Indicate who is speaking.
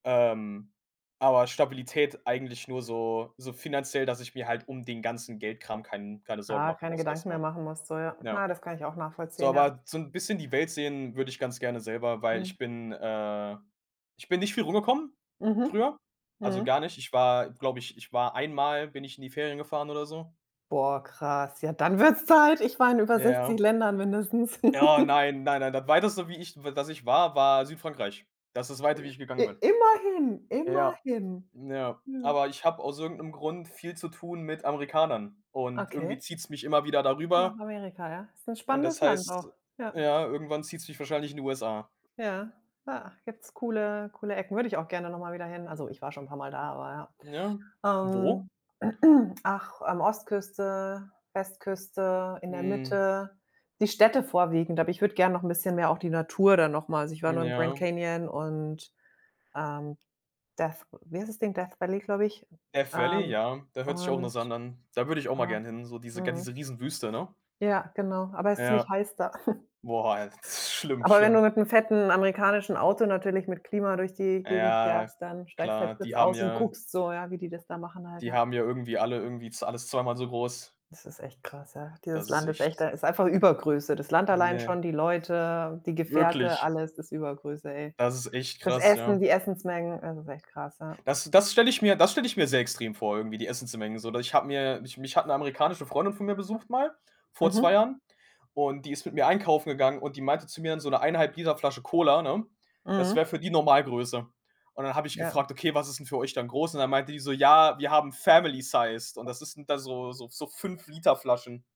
Speaker 1: Ähm, aber Stabilität eigentlich nur so so finanziell, dass ich mir halt um den ganzen Geld-Kram kein keine Sorgen
Speaker 2: Ah,
Speaker 1: machen
Speaker 2: keine
Speaker 1: muss erst
Speaker 2: Gedanken mehr
Speaker 1: mal.
Speaker 2: machen musst, so, ja.
Speaker 1: Ja.
Speaker 2: Na, das kann ich auch
Speaker 1: So,
Speaker 2: nachvollziehen, ja.
Speaker 1: aber so 'n bisschen die Welt sehen würde ich ganz gerne selber, weil
Speaker 2: Ja.
Speaker 1: ich bin, äh ich bin nicht viel rumgekommen
Speaker 2: Mhm,
Speaker 1: früher. Also,
Speaker 2: mhm.
Speaker 1: gar nicht. Ich war, glaube ich ich war einmal bin ich in die Ferien gefahren oder so.
Speaker 2: Boah, krass. Ja, dann wird's Zeit. Ich war in über
Speaker 1: Ja.
Speaker 2: 60 Ländern mindestens.
Speaker 1: Ja, nein, nein, nein. Das Weiteste, wie ich, w dass ich war, war Südfrankreich. Das ist das Weite, wie ich
Speaker 2: I
Speaker 1: gegangen bin.
Speaker 2: immerhin,
Speaker 1: Äh, ja,
Speaker 2: immerhin.
Speaker 1: ja.
Speaker 2: Mhm.
Speaker 1: Aber ich habe aus irgend 'nem Grund viel zu tun mit Amerikanern und irgendwie
Speaker 2: Okay.
Speaker 1: zieht's mich immer wieder da
Speaker 2: Nach
Speaker 1: rüber
Speaker 2: Amerika, ja? Ist 'n
Speaker 1: und
Speaker 2: spannendes
Speaker 1: das
Speaker 2: Land auch,
Speaker 1: heißt,
Speaker 2: ja.
Speaker 1: ja, irgendwann zieht's mich wahrscheinlich in die USA.
Speaker 2: Ja, ja, gibt's coole coole Ecken. Würde ich auch gerne noch mal wieder hin. Also, ich war schon 'n paar Mal da, aber
Speaker 1: Ja.
Speaker 2: ja.
Speaker 1: Wo?
Speaker 2: Ähm, ach, ähm, Ostküste, Westküste, in der
Speaker 1: Mhm.
Speaker 2: Mitte, die Städte vorwiegend, aber ich würde gern noch 'n bisschen mehr auch die Natur dann noch mal also, ich war
Speaker 1: Hm,
Speaker 2: nur im Grand
Speaker 1: ja.
Speaker 2: Canyon und, ähm, Death w wie heißt das Ding? Death Valley, glaube ich.
Speaker 1: Death Valley,
Speaker 2: Ähm,
Speaker 1: ja. Da hört sich auch
Speaker 2: und
Speaker 1: interessant an. Da würde ich auch mal
Speaker 2: ja,
Speaker 1: gern hin, so diese gan
Speaker 2: mhm.
Speaker 1: diese riesen Wüste, ne?
Speaker 2: Ja, genau, aber ist ziemlich
Speaker 1: Ja.
Speaker 2: heiß da.
Speaker 1: Boah, [unintelligible] schlimm,
Speaker 2: Aber wenn du
Speaker 1: schlimm.
Speaker 2: mit 'nem fetten amerikanischen Auto natürlich mit Klima durch die Gegend
Speaker 1: Ja
Speaker 2: fährst, dann steigst halt
Speaker 1: klar,
Speaker 2: kurz
Speaker 1: die haben
Speaker 2: aus und
Speaker 1: ja
Speaker 2: guckst so, ja, wie die das da machen halt,
Speaker 1: die
Speaker 2: ja.
Speaker 1: haben ja irgendwie alle irgendwie z alles zweimal so groß.
Speaker 2: Das ist echt krass, ja. Dieses
Speaker 1: Das ist
Speaker 2: Land ist echt
Speaker 1: echt
Speaker 2: da ist einfach Übergröße. Das Land allein
Speaker 1: Ne.
Speaker 2: schon, die Leute, die Gefährte,
Speaker 1: Wirklich?
Speaker 2: alles ist Übergröße, ey.
Speaker 1: Das ist echt
Speaker 2: Das
Speaker 1: krass, ja.
Speaker 2: Essen, die Essensmengen, es ist echt krass, ja.
Speaker 1: Das das stelle ich mir das stelle ich mir sehr extrem vor, irgendwie die Essensmengen so. Da ich habe mir mich mich hat 'ne amerikanische Freundin von mir besucht mal vor 2
Speaker 2: Mhm.
Speaker 1: Jahren und die ist mit mir einkaufen gegangen und die meinte zu mir dann so: „'Ne 1 1/2 l Flasche Cola, ne, das
Speaker 2: Mhm.
Speaker 1: wäre für die Normalgröße." Und dann habe ich
Speaker 2: Ja.
Speaker 1: gefragt: „Okay, was ist 'n für euch dann groß?“ Und dann meinte die so: „Ja, wir haben Family-sized." Und das ist 'n da so so so 5 l Flaschen.